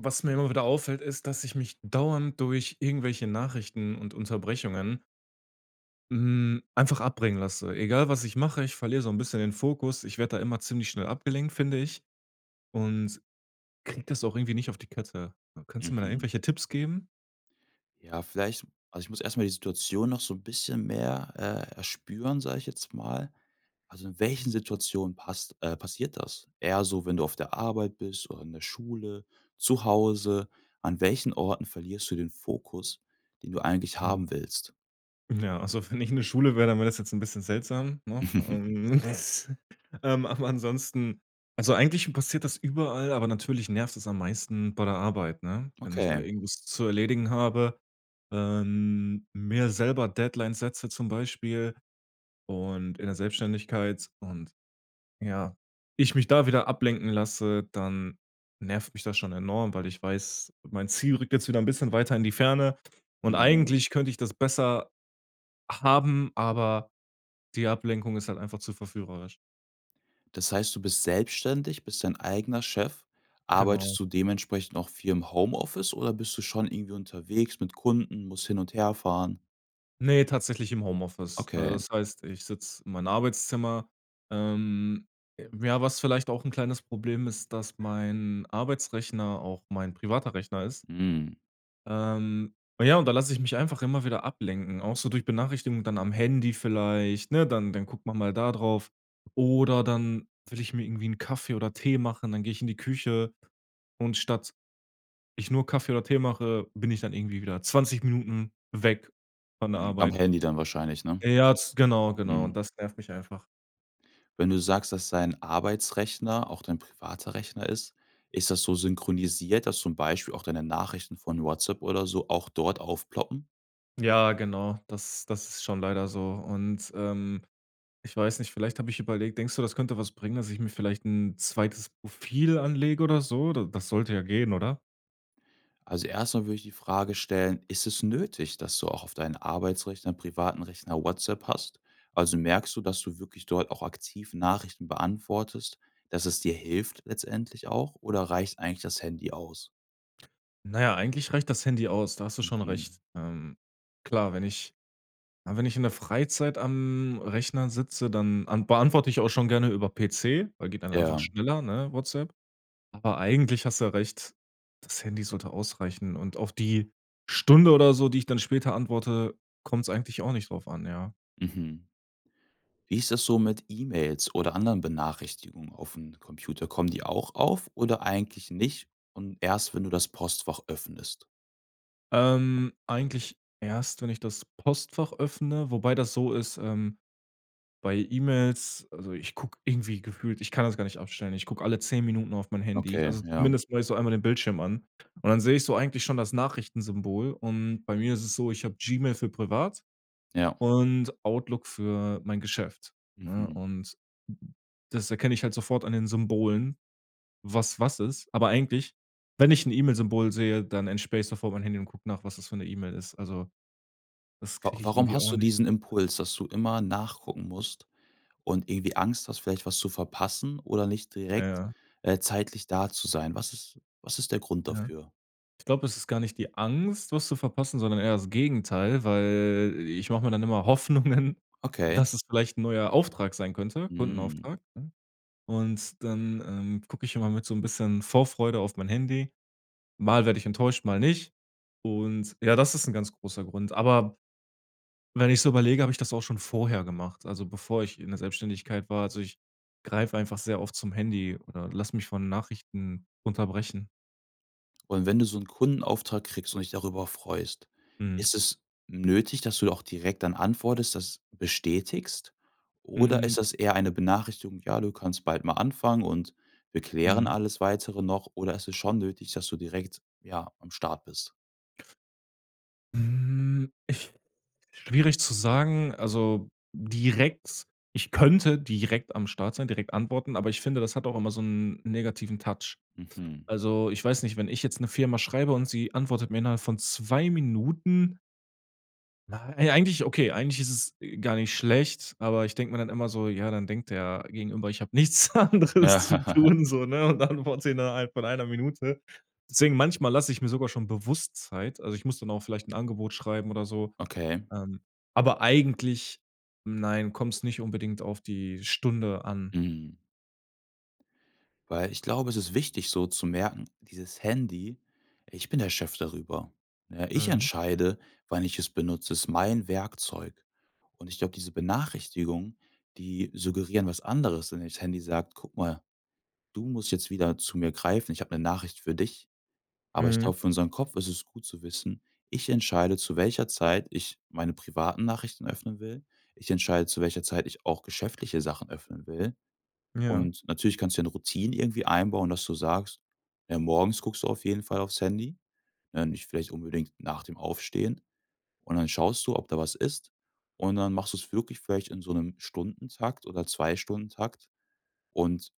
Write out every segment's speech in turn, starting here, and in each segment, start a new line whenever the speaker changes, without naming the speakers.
Was mir immer wieder auffällt, ist, dass ich mich dauernd durch irgendwelche Nachrichten und Unterbrechungen hm, einfach abbringen lasse. Egal, was ich mache, ich verliere so 'n bisschen den Fokus. Ich werd da immer ziemlich schnell abgelenkt, finde ich. Und, krieg das auch irgendwie nicht auf die Kette. Kannst du mir da
Mhm.
irgendwelche Tipps geben?
Ja, vielleicht also, ich muss erst mal die Situation noch so 'n bisschen mehr, äh, erspüren, sage ich jetzt mal. Also in welchen Situationen passt äh, passiert das? Eher so, wenn du auf der Arbeit bist oder in der Schule, zu Hause? An welchen Orten verlierst du den Fokus, den du eigentlich
Mhm.
haben willst?
Ja, also wenn ich in der Schule wär, dann wär das jetzt 'n bisschen seltsam, noch, ähm. Ähm, aber ansonsten also eigentlich passiert das überall, aber natürlich nervt es am meisten bei der Arbeit, ne? Wenn ich da
Okay.
irgendwas zu erledigen habe ähm, mir selber Deadlines setze zum Beispiel und in der Selbstständigkeit und, ja ich mich da wieder ablenken lasse, dann nervt mich das schon enorm, weil ich weiß, mein Ziel rückt jetzt wieder 'n bisschen weiter in die Ferne. Und
Mhm.
eigentlich könnte ich das besser haben, aber die Ablenkung ist halt einfach zu verführerisch.
Das heißt, du bist selbstständig, bist dein eigener Chef. Arbeitest
Genau.
du dementsprechend auch viel im Homeoffice, oder bist du schon irgendwie unterwegs mit Kunden, musst hin und herfahren?
Ne, tatsächlich im Homeoffice. Äh,
Okay.
das heißt, ich sitz in meinem Arbeitszimmer. Ähm j ja, was vielleicht auch 'n kleines Problem ist, dass mein Arbeitsrechner auch mein privater Rechner ist.
Mhm.
Ähm, ja, und da lasse ich mich einfach immer wieder ablenken, auch so durch Benachrichtigungen dann am Handy vielleicht, ne, dann dann guckt man mal da drauf oder dann will ich mir irgendwie 'n Kaffee oder Tee machen, dann gehe ich in die Küche, und statt ich nur Kaffee oder Tee mache, bin ich dann irgendwie wieder 20 Minuten weg von der
Mhm. Am
Arbeit.
handy dann wahrscheinlich, ne?
Ja, ja, z genau, genau, und
Mhm.
das nervt mich einfach.
Wenn du sagst, dass dein Arbeitsrechner auch dein privater Rechner ist, ist das so synchronisiert, dass zum Beispiel auch deine Nachrichten von WhatsApp oder so, auch dort aufploppen?
Ja, genau. Das das ist schon leider so. Und ähm, ich weiß nicht, vielleicht, hab ich überlegt denkst du, das könnte was bringen, dass ich mir vielleicht 'n zweites Profil anlege oder so? D das sollte ja gehen, oder?
Also, erst mal würde ich die Frage stellen: „Ist es nötig, dass du auch auf dein Arbeitsrechner, privaten Rechner WhatsApp hast? Also, merkst du, dass du wirklich dort auch aktiv Nachrichten beantwortest, dass es dir hilft, letztendlich auch, oder reicht eigentlich das Handy aus?
Na ja, eigentlich reicht das Handy aus, da hast du schon
Mhm.
recht. Ähm, klar, wenn ich ja, wenn ich in der Freizeit am Rechner sitze, dann an beantworte ich auch schon gerne über PC, weil geht dann einfach
Ja.
schneller, ne, WhatsApp. Aber eigentlich hast du ja recht, das Handy sollte ausreichen. Und auf die Stunde oder so, die ich dann später antworte, kommt's eigentlich auch nicht drauf an, ja.
Mhm. Wie ist das so mit E-Mails oder anderen Benachrichtigungen aufm Computer, kommen die auch auf oder eigentlich nicht und erst, wenn du das Postfach öffnest?
Ähm, eigentlich erst, wenn ich das Postfach öffne, wobei das so ist ähm bei E-Mails, also, ich guck irgendwie gefühlt- ich kann das gar nicht aufstellen- ich guck alle 10 Minuten auf mein Handy.
Okay,
Also,
ja.
zumindest mach ich so einmal den Bildschirm an. Und dann sehe ich so eigentlich schon das Nachrichtensymbol. Und bei mir ist es so, ich hab Gmail für privat
Ja.
und Outlook für mein Geschäft, ne?
Mhm.
Und, das erkenne ich halt sofort an den Symbolen, was was ist. Aber eigentlich, wenn ich 'n E-Mail-Symbol sehe, dann entsperre ich sofort mein Handy und guck nach, was das für 'ne E-Mail ist. Also, das
Wa
krieg ich
warum
irgendwie
hast
auch
du
nicht
diesen
hin.
Impuls, dass du immer nachgucken musst und irgendwie Angst hast, vielleicht was zu verpassen oder nicht
Ja.
direkt,
Ja.
äh, zeitlich da zu sein? Was ist was ist der Grund
Ja.
dafür?
Ich glaub, es ist gar nicht die Angst, was zu verpassen, sondern eher das Gegenteil, weil i ich mach mir dann immer Hoffnungen,
Okay.
dass es vielleicht 'n neuer Auftrag sein könnte
Mhm.
Kundenauftrag. Und dann ähm, guck ich immer mit so 'n bisschen Vorfreude auf mein Handy. Mal werde ich enttäuscht, mal nicht. Und ja, das ist 'n ganz großer Grund. Aber wenn ich so überlege, hab ich das auch schon vorher gemacht, also bevor ich in der Selbstständigkeit war. Also, ich greife einfach sehr oft zum Handy oder lasse mich von Nachrichten unterbrechen.
Und wenn du so 'n Kundenauftrag kriegst, und dich darüber freust,
Mhm.
ist es nötig, dass du da auch direkt dann antwortest, das bestätigst? Oder ist
Hm.
das eher eine Benachrichtigung: „Ja, du kannst bald mal anfangen und wir klären
Mhm.
alles Weitere noch“ oder ist es schon nötig, dass du direkt, ja, am Start bist?
Hm, ich schwierig zu sagen, also direkt ich könnte direkt am Start sein, direkt antworten, aber ich finde, das hat auch immer so 'n negativen Touch.
Mhm.
Also, ich weiß nicht, wenn ich jetzt 'ner Firma schreibe und sie antwortet mir innerhalb von 2 Minuten: Nei eigentlich okay, eigentlich ist es gar nicht schlecht, aber ich denk mir dann immer so: „Ja, dann denkt der Gegenüber, ich hab nichts anderes zu
Ja.
tun so“, ne? Und antworte innerhalb von 1 Minute. Deswegen manchmal lass ich mir sogar schon bewusst Zeit. Also, ich muss dann auch vielleicht 'n Angebot schreiben oder so
Okay.
ähm, aber eigentlich nein, kommt's nicht unbedingt auf die Stunde an.
Mhm. Weil ich glaube, es ist wichtig so zu merken, dieses Handy, ich bin der Chef darüber, ne? Ich
Mhm.
entscheide, wann ich es benutze, es ist mein Werkzeug. Und ich glaub, diese Benachrichtigungen, die suggerieren was anderes, denn dieses Handy sagt: „Guck mal, du musst jetzt wieder zu mir greifen. Ich habe 'ne Nachricht für dich.“ Aber ich
Mhm.
glaub, für unseren Kopf ist es gut zu wissen: Ich entscheide, zu welcher Zeit ich meine privaten Nachrichten öffnen will. Ich entscheide, zu welcher Zeit ich auch geschäftliche Sachen öffnen will.
Ja.
Und natürlich kannst du dir 'ne Routine irgendwie einbauen, dass du sagst: „Ja, morgens guckst du auf jeden Fall aufs Handy, ne- nicht vielleicht unbedingt nach dem Aufstehen- und dann schaust du, ob da was ist.“ Und dann machst du's wirklich vielleicht in so 'nem Stundentakt oder 2- Stundentakt. Und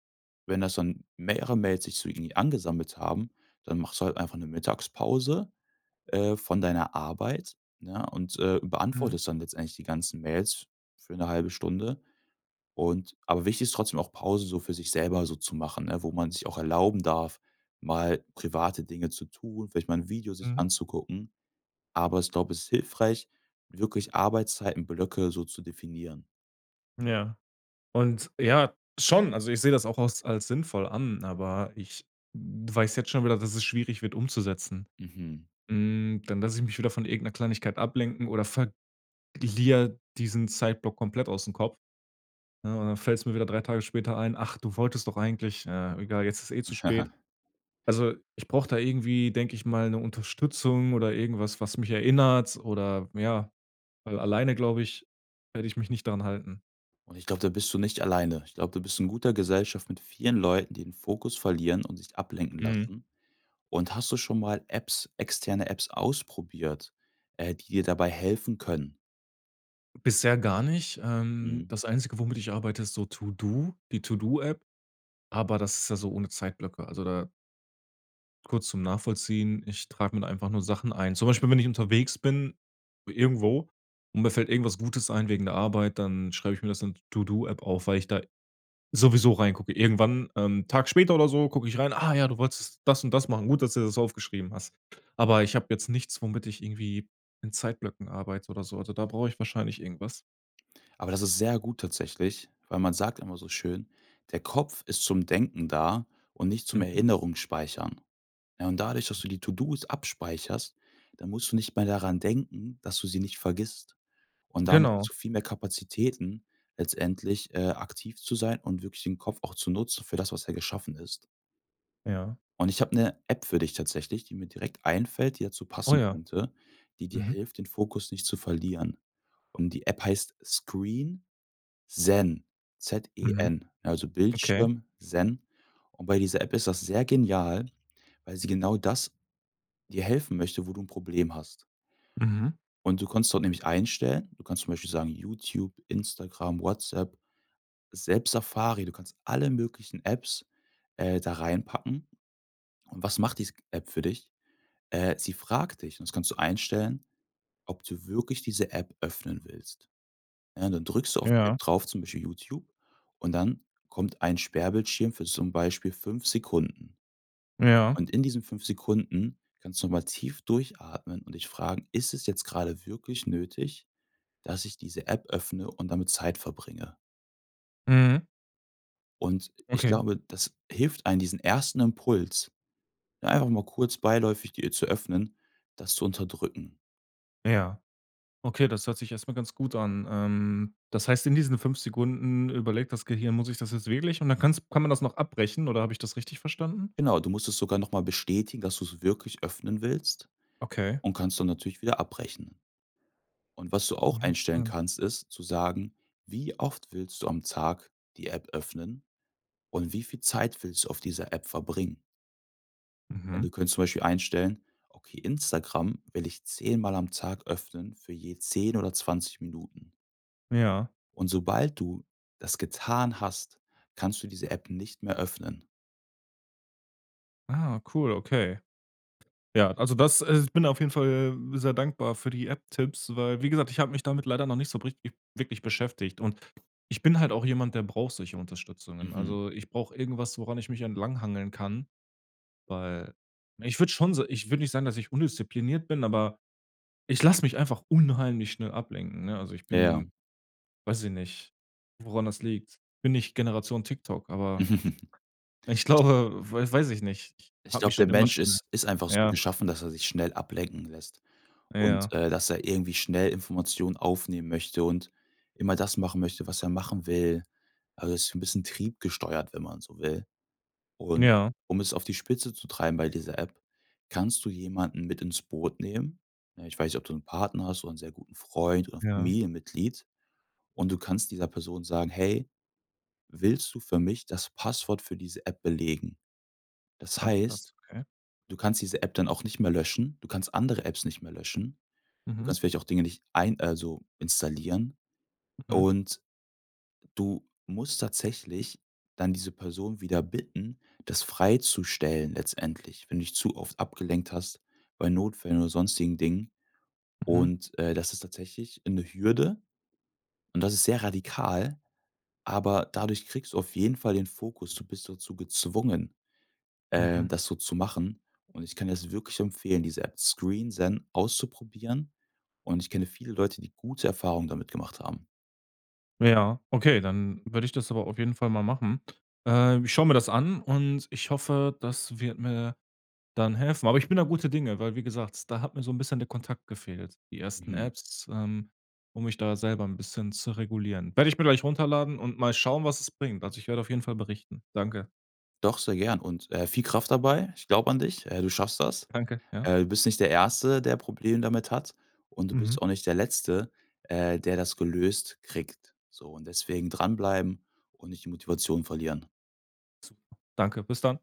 wenn das dann mehrere Mails sich so irgendwie angesammelt haben, dann machst du halt einfach 'ne Mittagspause, äh, von deiner Arbeit, ne, und, äh,
Mhm.
beantwortest dann letztendlich die ganzen Mails für 1/2 Stunde, und aber wichtig ist trotzdem auch, Pause so für sich selber so zu machen, ne, wo man sich auch erlauben darf, mal private Dinge zu tun, vielleicht mal 'n Video sich
Mhm.
anzugucken. Aber ich glaub, es ist hilfreich, wirklich Arbeitszeitenblöcke so zu definieren.
Ja. Und ja schon, also ich seh das auch aus als sinnvoll an, aber ich w weiß jetzt schon wieder, dass es schwierig wird umzusetzen.
Mhm.
Hm, dann lass ich mich wieder von irgend 'ner Kleinigkeit ablenken oder verg lier diesen Zeitblock komplett ausm Kopf, ne? Und dann fällt's mir wieder drei Tage später ein: „Ach, du wolltest doch eigentlich naja, egal, jetzt ist zu spät.“ Also, ich brauch da irgendwie, denk ich mal, 'ne Unterstützung oder irgendwas, was mich erinnert oder ja weil alleine glaub ich, werde ich mich nicht daran halten.
Und ich glaub, da bist du nicht alleine. Ich glaub, da bist du in guter Gesellschaft mit vielen Leuten, die ihren Fokus verlieren und sich ablenken
Mhm.
lassen. Und hast du schon mal Apps- externe Apps- ausprobiert, äh, die dir dabei helfen können?
Bisher gar nicht. Ähm,
Mhm.
das Einzige, womit ich arbeite, ist so To-do, die To-do-App, aber das ist ja so ohne Zeitblöcke. Also da kurz zum Nachvollziehen, ich trag mir da einfach nur Sachen ein. Zum Beispiel, wenn ich unterwegs bin irgendwo und mir fällt irgendwas Gutes ein wegen der Arbeit, dann schreibe ich mir das in d To-do-App auf, weil ich da sowieso reingucke. Irgendwann, ähm Tag später oder so guck ich rein: „Ah ja, du wolltest das und das machen. Gut, dass du dir das aufgeschrieben hast.“ Aber ich habe jetzt nichts, womit ich irgendwie in Zeitblöcken arbeite oder so. Also, da brauche ich wahrscheinlich irgendwas.
Aber das ist sehr gut tatsächlich, weil man sagt immer so schön, der Kopf ist zum Denken da und nicht zum
Mhm.
Erinnerungsspeichern, ja? Und dadurch, dass du die To-dos abspeicherst, dann musst du nicht mehr daran denken, dass du sie nicht vergisst und damit hast
Genau.
du viel mehr Kapazitäten letztendlich, äh, aktiv zu sein und wirklich den Kopf auch zu nutzen für das, was er geschaffen ist.
Ja.
Und ich hab 'ne App für dich tatsächlich, die mir direkt einfällt, die dazu
Oh
passen
ja.
könnte, die dir
Mhm.
hilft, den Fokus nicht zu verlieren. Und die App heißt ScreenZen, Z E
Mhm.
N, also
Okay.
Bildschirm Zen. Und bei dieser App ist das sehr genial, weil sie genau das dir helfen möchte, wo du 'n Problem hast.
Mhm.
Und du kannst dort nämlich einstellen. Du kannst zum Beispiel sagen: „Youtube, Instagram, WhatsApp, selbst Safari.“ Du kannst alle möglichen Apps, äh da reinpacken. Und was macht diese g App für dich? Äh, sie fragt dich- und das kannst du einstellen- ob du wirklich diese App öffnen willst, ja. Ja, dann drückst du auf die App
Ja.
drauf, zum Beispiel Youtube und dann kommt ein Sperrbildschirm für zum Beispiel 5 Sekunden
Ja.
und in diesen 5 Sekunden kannst du nochmal tief durchatmen und dich fragen: „Ist es jetzt gerade wirklich nötig, dass ich diese App öffne und damit Zeit verbringe?“
Mhm.
Und ich
Okay.
glaube, das hilft einem, diesen 1. Impuls ja, einfach mal kurz beiläufig die, äh, zu öffnen das zu unterdrücken.
Ja. Okay, das hört sich erst mal ganz gut an. Ähm, das heißt, in diesen 5 Sekunden überlegt das Gehirn: „Muss ich das jetzt wirklich?“ Und dann kann's kann man das noch abbrechen oder habe ich das richtig verstanden?
Genau, du musst es sogar noch mal bestätigen, dass du's wirklich öffnen willst,
Okay.
und kannst dann natürlich wieder abbrechen. Und was du auch einstellen kannst, ist, zu sagen: „Wie oft willst du am Tag die App öffnen und wie viel Zeit willst du auf dieser App verbringen?“ Denn
Mhm.
du könntest zum Beispiel einstellen: „Okay, Instagram will ich 10 am Tag öffnen, für je 10 oder 20 Minuten.“
Ja.
Und sobald du das getan hast, kannst du diese App nicht mehr öffnen.
Ah, cool, okay. Ja, also das, äh ich bin auf jeden Fall sehr dankbar für die App-Tipps, weil wie gesagt, ich hab mich damit leider noch nicht so richtig wirklich beschäftigt. Und ich bin halt auch jemand, der braucht solche Unterstützungen.
Mhm.
Also, ich brauch irgendwas, woran ich mich entlanghangeln kann, weil ich würd schon so ich würd nicht sagen, dass ich undiszipliniert bin, aber ich lass mich einfach unheimlich schnell ablenken, ne? Also, ich bin-
Ja.
weiß ich nicht, woran das liegt- bin nicht Generation TikTok, aber ich glaube wei weiß ich nicht
Ich
hab mich
glaub, der
schon immer
Mensch
schnell
ist ist einfach so
Ja.
geschaffen, dass er sich schnell ablenken lässt und,
Ja.
äh, dass er irgendwie schnell Informationen aufnehmen möchte, und immer das machen möchte, was er machen will. Also so 'n bisschen triebgesteuert, wenn man so will. Und,
Ja.
um es auf die Spitze zu treiben bei dieser App, kannst du jemanden mit ins Boot nehmen? Ne, ich weiß nicht, ob du 'n Partner hast oder 'n sehr guten Freund oder 'n
Ja.
Familienmitglied. Und du kannst dieser Person sagen: „Hey, willst du für mich das Passwort für diese App belegen?“ Das
Ach, krass.
heißt,
Okay.
du kannst diese App dann auch nicht mehr löschen. Du kannst andere Apps nicht mehr löschen. Du
Mhm.
kannst vielleicht auch Dinge nicht ein also installieren
Mhm.
und du musst tatsächlich dann diese Person wieder bitten, das freizustellen letztendlich, wenn du dich zu oft abgelenkt hast bei Notfällen oder sonstigen Dingen.
Mhm.
Und, äh, das ist tatsächlich 'ne Hürde und das ist sehr radikal, aber dadurch kriegst du auf jeden Fall den Fokus, du bist dazu gezwungen, ähm,
Mhm.
das so zu machen. Und ich kann dir das wirklich nur empfehlen, diese App ScreenZen auszuprobieren, und ich kenne viele Leute, die gute Erfahrungen damit gemacht haben.
Ja, okay, dann würde ich das aber auf jeden Fall mal machen. Äh, ich schaue mir das an und ich hoffe, das wird mir dann helfen. Aber ich bin da guter Dinge, weil- wie gesagt- da hat mir so 'n bisschen der Kontakt gefehlt, die ersten
Mhm.
Apps, ähm um mich da selber 'n bisschen zu regulieren. Werde ich mir gleich runterladen und mal schauen, was es bringt. Also ich werde auf jeden Fall berichten. Danke.
Doch sehr gern und, äh, viel Kraft dabei. Ich glaube an dich, äh, du schaffst das.
Danke, ja.
Du bist nicht der Erste, der Probleme damit hat, und du
Mhm.
bist auch nicht der Letzte, äh der das gelöst kriegt. So, und deswegen dranbleiben und nicht die Motivation verlieren.
Danke, bis dann.